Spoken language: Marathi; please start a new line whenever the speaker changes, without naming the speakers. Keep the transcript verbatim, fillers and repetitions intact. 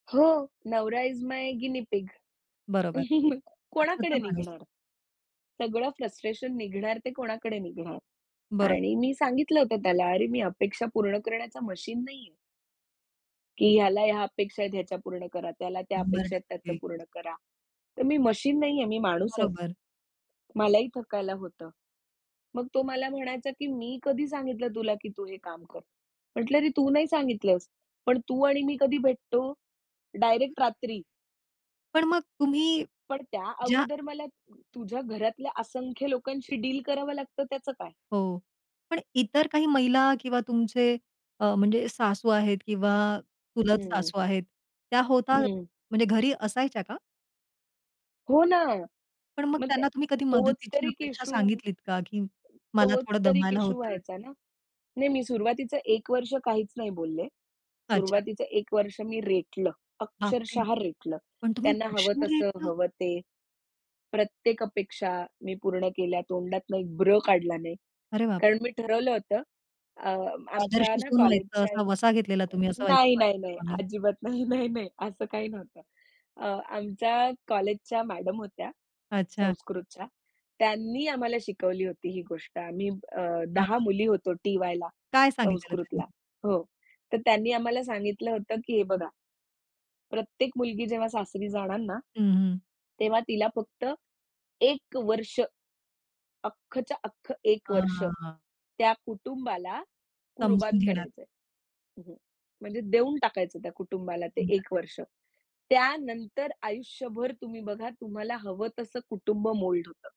हो. नवरा इस माय गिनी पिग.
बरोबर. हक्काचा
कोणाकडे
माणूस.
निघणार? सगळं फ्रस्ट्रेशन निघणार ते कोणाकडे निघणार?
बरं.
आणि मी सांगितलं होतं त्याला, "अरे, मी अपेक्षा पूर्ण करण्याचा मशीन नाहीये" की ह्याला ह्या अपेक्षा आहेत ह्याच्या पूर्ण करा, त्याला त्या
शंभर
अपेक्षा आहेत त्याचं
टक्के
पूर्ण करा. तर मी मशीन नाहीये, मी माणूस आहे.
बरोबर.
मलाही थकायला होतं. मग तो मला म्हणायचा, की "मी कधी सांगितलं तुला, की तू हे काम कर." म्हटलं "अरे तू नाही सांगितलंस. पण तू आणि मी कधी भेटतो? डायरेक्ट रात्री."
पण मग तुम्ही
पण त्या
ज्या
अगोदर मला तुझ्या घरातल्या असंख्य लोकांशी डील करावं लागतं त्याचं काय?
हो. पण इतर काही महिला किंवा तुमचे अ, म्हणजे सासू आहेत किंवा चुलत
हं.
सासू आहेत त्या होता,
हं.
म्हणजे घरी असायच्या का?
हो ना.
पण मग
मग त्या
त्यांना तुम्ही कधी
तोच तर
मदतीची
एक
अपेक्षा
इश्यू
सांगितलीत का, की मला
तोच
थोडं
तर एक
दमायला
इश्यू
होतंय.
व्हायचा ना. नाही मी सुरुवातीचं एक वर्ष काहीच नाही बोलले.
अच्छा.
सुरुवातीचं एक वर्ष मी रेटलं,
बापरे!
अक्षरशः रेटलं.
पण तुम्ही
त्यांना हवं
वर्षभर
तसं,
रेटलं?
हवं ते. प्रत्येक अपेक्षा मी पूर्ण केल्या. तोंडातून एक ब्र काढला नाही.
अरे बाप!
कारण मी ठरवलं होतं अ,
आदर्श
आमच्या ना
सून व्हायचं
कॉलेजच्या
असा
एक
वसा घेतलेला तुम्ही असं [unintelligible]
नाही, नाही,
वाटतं
नाही
मला.
अजिबात नाही, नाही, नाही असं काही नव्हतं. अ, आमच्या कॉलेजच्या मॅडम होत्या
अच्छा.
संस्कृतच्या त्यांनी आम्हाला शिकवली होती ही गोष्ट आम्ही अ,
हां,
दहा
हां.
मुली होतो टी. वायला,
काय सांगितलेलं
संस्कृतला
त्यांनी?
हो. तर त्यांनी आम्हाला सांगितलं होतं, की हे बघा प्रत्येक मुलगी जेव्हा सासरी जाणार ना,
हं, हं.
तेव्हा तिला फक्त एक वर्ष, अख्खच्या अख्ख एक
हां,
वर्ष
हां, हां.
त्या कुटुंबाला कुर्बान
समजून घेणार.
करायचंय. म्हणजे देऊन टाकायचं त्या कुटुंबाला ते एक
[unintelligible]
वर्ष. त्यानंतर आयुष्यभर तुम्ही बघा तुम्हाला हवं तसं कुटुंब मोल्ड होतं.